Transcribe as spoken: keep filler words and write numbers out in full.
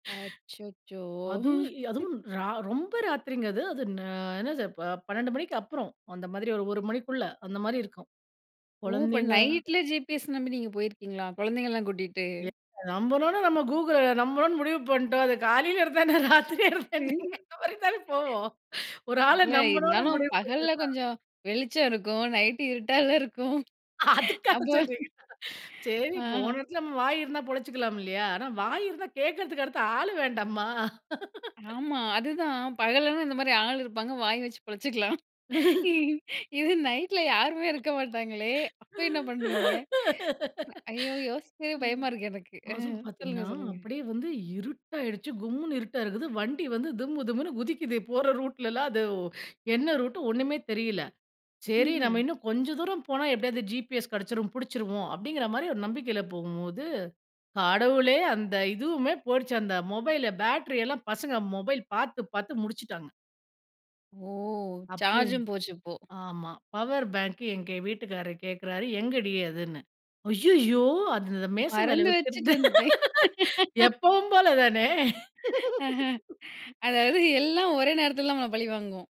அச்சச்சோ! அதுவும் அதுவும் ரா ரொம்ப ராத்திரிங்கிறது அது நா என்னது பன்ணென்டு மணிக்கு அப்புறம். அ அந்த மாரி ஒரு ஒரு மணிக்குள்ள அந்த மாரி இருக்கும். ஓ! இப்போ குழந்தைங்க நைட்ல ஜிபிஎஸ் நம்பி நீங்க போயிருக்கீங்களா, கொழந்தைலாம் கூட்டிட்டு. எ நம்பணும்னு நம்ம கூகு நம்பணும்னு முடிவு பண்ணிட்டோம். அது காலைல இருந்தா என்ன? இல்ல ராத்திரி தானே போவோம். ஒரு ஆள நம்பணும்னு இருந்தாலும் முடிவு பகல்ல பண்ணோம்னா கொஞ்சம் வெளிச்சம் இருக்கும். நைட்டு இருட்டா இருக்கும் அதுக்கா அப்போ சொல்றீங்க. சரி ஆ. போன இடச்சுல நம்ம வாய் இருந்தா பொழச்சுக்கலாம் இல்லயா ஆனா வாய் இருந்தா கேட்கறதுக்கு அடுத்து ஆளு வேண்டாமா? ஆமா அதுதான், பகலனா இந்த மாரி ஆள் இருப்பாங்க வாய் வச்சு பிழைச்சிக்கலாம். இது நைட்ல யாருமே இருக்க மாட்டாங்களே அப்போ என்ன பண்ணுவீங்க? ஐயோ யோசிக்கவே ம். பயமா இருக்கு எனக்கு. அ அதுவும் சொல்லுங்க பார்த்தீங்கனா சொல்லுங்க. அப்டியே வந்து இருட்டயிடுச்சு கும்முனு இருட்டா இருக்குது. வண்டி வந்து திம்மு திம்முன்னு குதிக்குது போற ரூட்ல எல்லாம் அது என்ன ரூட் ஒண்ணுமே தெரியல்ல. சரி நம்ம ம்ஹ்ம். இன்னும் கொஞ்சம் தூரம் போனா எப்படியாவது ஜிபிஎஸ் கேடச்சிடும் புடிச்சிடுவோம் அப்டின்ற மாரி ஒரு நம்பிக்கையில போகும்போது, கடவுளே அந்த இதுவுமே போய்டுச்சு அந்த மொபைல் பேட்டரி எல்லாம் பசங்க மொபைல் பாத்து பாத்து முடிச்சுட்டாங்க. ஓ! அப்போ என் சார்ஜும் போச்சு இப்போ ஆமா பவர் பேங்க் எங்க வீட்டுக்காரர் கேட்கிறாரு எங்கடி அதுன்னு அய்யயோ அந்த மேசை மேல மறந்து வச்சிட்டு வைக்கிறது வந்துட்டேன். எப்பவும் போல தானே. ஆஹ. அதாவது எல்லாம் ஒரே நேரத்தில தான் நம்மள பழிவாங்கும்.